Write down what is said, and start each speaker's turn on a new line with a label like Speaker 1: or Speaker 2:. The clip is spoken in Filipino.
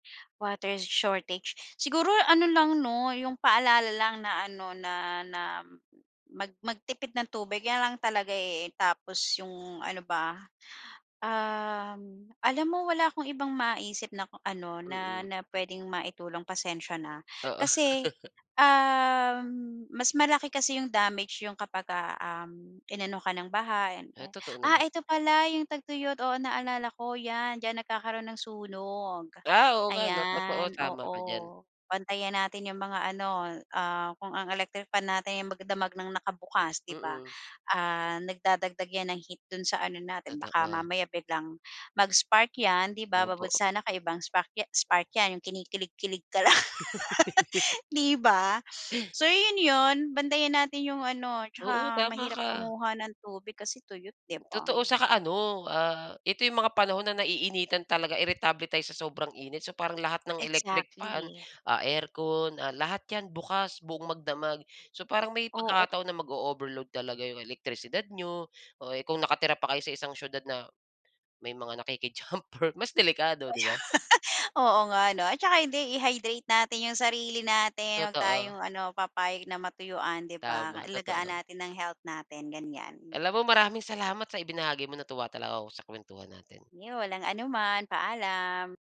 Speaker 1: Water shortage, siguro ano lang 'no, yung paalala lang na ano na na mag magtipid ng tubig 'yan lang talaga, eh, tapos yung ano ba? Um, alam mo wala akong ibang maisip na kung ano na,
Speaker 2: Mm.
Speaker 1: na puwedeng maitulong pasensya na,
Speaker 2: Oo.
Speaker 1: kasi, um, mas malaki kasi yung damage yung kapagka, um, inano ka ng baha and
Speaker 2: Eh,
Speaker 1: ay
Speaker 2: totoo
Speaker 1: ah,
Speaker 2: naman.
Speaker 1: ito pala yung tagtuyot oo naalala ko, 'yan diyan nagkakaroon ng sunog.
Speaker 2: Ah, oo nga 'no, totoo,
Speaker 1: Ayan,
Speaker 2: tama
Speaker 1: oo,
Speaker 2: ka diyan.
Speaker 1: bantayan natin yung mga ano, ah, kung ang electric fan natin magdamag ng nakabukas 'di ba?
Speaker 2: Mm.
Speaker 1: Ah, nagdadagdag 'yan ng heat do'n sa ano natin, baka
Speaker 2: Totoo.
Speaker 1: mamaya biglang mag spark 'yan di ba,
Speaker 2: Opo.
Speaker 1: mabuti sana kay ibang sprak ya spark yan, yung kinikilig kilig ka lang 'di ba? So 'yon, 'yon bantayan natin yung ano
Speaker 2: Oo,
Speaker 1: 'tsaka
Speaker 2: tama
Speaker 1: mahirap
Speaker 2: ka.
Speaker 1: kumuha ng tubig kasi tuyot 'di ba?
Speaker 2: Totoo, 'saka ano, ah, ito yung mga panahon na naiinitan talaga iritable tayo sa sobrang init so parang lahat ng electric fan,
Speaker 1: Exactly.
Speaker 2: ah, aircon, ah, lahat 'yan bukas, buong magdamag. So, parang may
Speaker 1: Oo.
Speaker 2: pagkakataon na mag-o-overload talaga yung elektrisidad niyo. Oh, eh, kung nakatira pa kayo sa isang siyudad na, may mga nakiki-jumper mas delikado 'di ba?
Speaker 1: Oo nga 'no, at saka hindi i-hydrate natin yung sarili natin 'wag
Speaker 2: Totoo.
Speaker 1: tayong ano papayag na matuyuan 'di ba?
Speaker 2: Tama,
Speaker 1: Alagaan
Speaker 2: totoo.
Speaker 1: natin ng health natin, ganyan.
Speaker 2: Alam mo maraming salamat sa ibinahagi mo, natuwa talaga ako sa kuwentuhan natin.
Speaker 1: Iyon, walang anuman, paalam.